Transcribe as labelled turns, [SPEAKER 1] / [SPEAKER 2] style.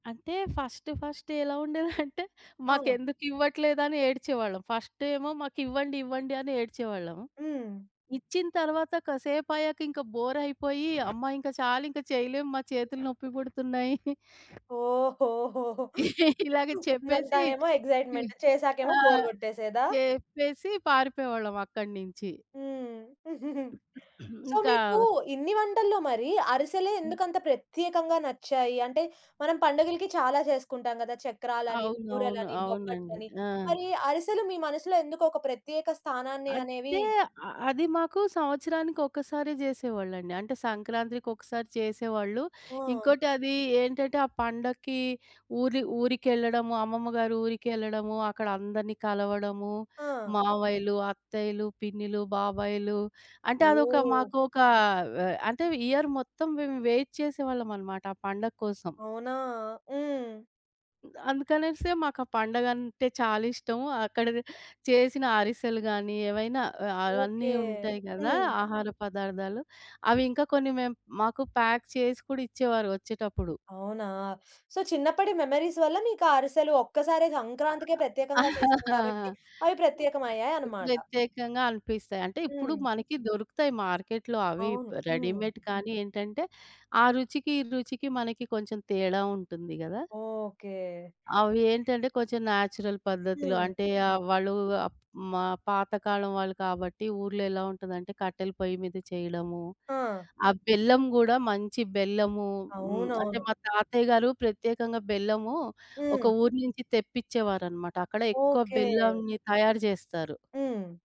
[SPEAKER 1] అంటే, first first ఎలా ఉండేదంటే,
[SPEAKER 2] ఆ!
[SPEAKER 1] మాకెందుకివ్వట్లేదని ఏడ్చేవాళ్ళం. ఫస్టేమో మాకివ్వండి, ఇవ్వండి అని ఏడ్చేవాళ్ళం.
[SPEAKER 2] హ్మ్.
[SPEAKER 1] ఇచ్చిన తర్వాత కసేపయ్యాక ఇంక బోరయిపోయి, అమ్మా! ఇంక చాలింక చెయలేం మా, ఇంక చేతులు నొప్పి బుడుతున్నాయి
[SPEAKER 2] ఓహోహోహో!
[SPEAKER 1] ఇలాగే
[SPEAKER 2] ముందంతా
[SPEAKER 1] చెప్పేసి
[SPEAKER 2] ఏమో ఎగ్జైట్‌మెంట్,
[SPEAKER 1] ఆ!
[SPEAKER 2] చేసాకేమో బోర్ గొట్టేసేదా?
[SPEAKER 1] చేప్పేసి పారిపోయేవాళ్ళం అక్కడి నించి.
[SPEAKER 2] హ్మ్. సో,
[SPEAKER 1] ఇంకా
[SPEAKER 2] మీకు ఇన్ని వంటల్లో మరి అరిసెలే
[SPEAKER 1] హ్మ్.
[SPEAKER 2] ఎందుకంత ప్రత్యేకంగా నచ్చాయి. అంటే, మనం పండగలకి చాలా జేసుకుంటాం గదా! చక్రాలని,
[SPEAKER 1] అవునవును.
[SPEAKER 2] బూరలని,
[SPEAKER 1] అవునండి.
[SPEAKER 2] బొబ్బట్లని.
[SPEAKER 1] ఆ!
[SPEAKER 2] మరి అరిసెలు మీ మనసులో ఎందుకు ఒక ప్రత్యేక స్థానాన్ని అనేవి
[SPEAKER 1] అంటే, అ అది మాకు సంవత్సరానికొకసారే జేసేవాళ్ళండి. అంటే సంక్రాంతికి ఒకసారి చేసేవాళ్ళు.
[SPEAKER 2] ఆ!
[SPEAKER 1] ఇంకోటి అదీ ఏంటటే, ఆ పండక్కీ ఊరి ఊరికెళ్ళడము అమ్మమ్మ గారు ఊరికెళ్ళడము, అక్కడ అందరిని కలవడము,
[SPEAKER 2] ఆ!
[SPEAKER 1] మావయ్యలు, అత్తయ్యలు, పిన్నిలు, బాబాయిలు అంటే అదొక
[SPEAKER 2] ఓహ్!
[SPEAKER 1] మాకోకా వ అంటే, ఇయర్ మొత్తం మేము వెయిట్ చేసేవాళ్ళమనమాట ఆ పండగ కోసం.
[SPEAKER 2] అవునా! హ్మ్.
[SPEAKER 1] అందుకనేసి మాకా పండగంటే చాలా ఇష్టము. అక్కడనె చేసిన అరిసెలు గాని, ఏవైనా ఆహ్, అ అన్నీ
[SPEAKER 2] ఓకే.
[SPEAKER 1] ఉంటాయి గదా!
[SPEAKER 2] హ్మ్.
[SPEAKER 1] ఆహార పదార్థాలు. అవి ఇంకా కొన్ని మేము మాకు ప్యాక్ చేసి కూడా ఇచ్చేవారు ఒచ్చేటప్పుడు.
[SPEAKER 2] అవునా! సో, చిన్నప్పటి మెమోరీస్ వల్ల మీకా అరిసెలు ఒక్కసారే సంక్రాంతికే ప్రత్యేకంగా చేస్తాం గాబట్టి, అవి ప్రత్యేకమయ్యాయి అన్నమాట.
[SPEAKER 1] ప్రత్యేకంగా అనిపిస్తాయి. అంటే ఇప్పుడు
[SPEAKER 2] హ్మ్.
[SPEAKER 1] మనకి దొరుకుతాయి మార్కెట్‌లో అవి ప్
[SPEAKER 2] అవును. హ్మ్.
[SPEAKER 1] రెడీమేడ్ కానీ ఏంటంటే, ఆ రుచికి, ఈ రుచికి మనకి కొంచెం తేడా ఉంటుంది గదా!
[SPEAKER 2] ఓకే.
[SPEAKER 1] అవి ఏంటంటే, కొంచెం నేచురల్ పద్ధతులు
[SPEAKER 2] హ్మ్.
[SPEAKER 1] అంటే ఆహ్, వాళ్ళూ అప్ మా పాతకాలం వాళ్ళు కాబట్టి ఊర్లో ఎలా ఉంటదంటే, కట్టెల పొయ్యి మీద చెయడము,
[SPEAKER 2] ఆ!
[SPEAKER 1] ఆ బెల్లం గూడా మంచి బెల్లము హ్మ్ అంటే,
[SPEAKER 2] అవునవును.
[SPEAKER 1] మా తాతయ్య
[SPEAKER 2] హ్మ్.
[SPEAKER 1] గారు ప్రత్యేకంగా బెల్లమూ, ఒక
[SPEAKER 2] హ్మ్.
[SPEAKER 1] ఊరు నుంచి తెప్పిచ్చేవారన్నమాట. అక్కడ ఎక్కువ
[SPEAKER 2] ఓకే.
[SPEAKER 1] బెల్లంని తయారు చేస్తారు.
[SPEAKER 2] హ్మ్.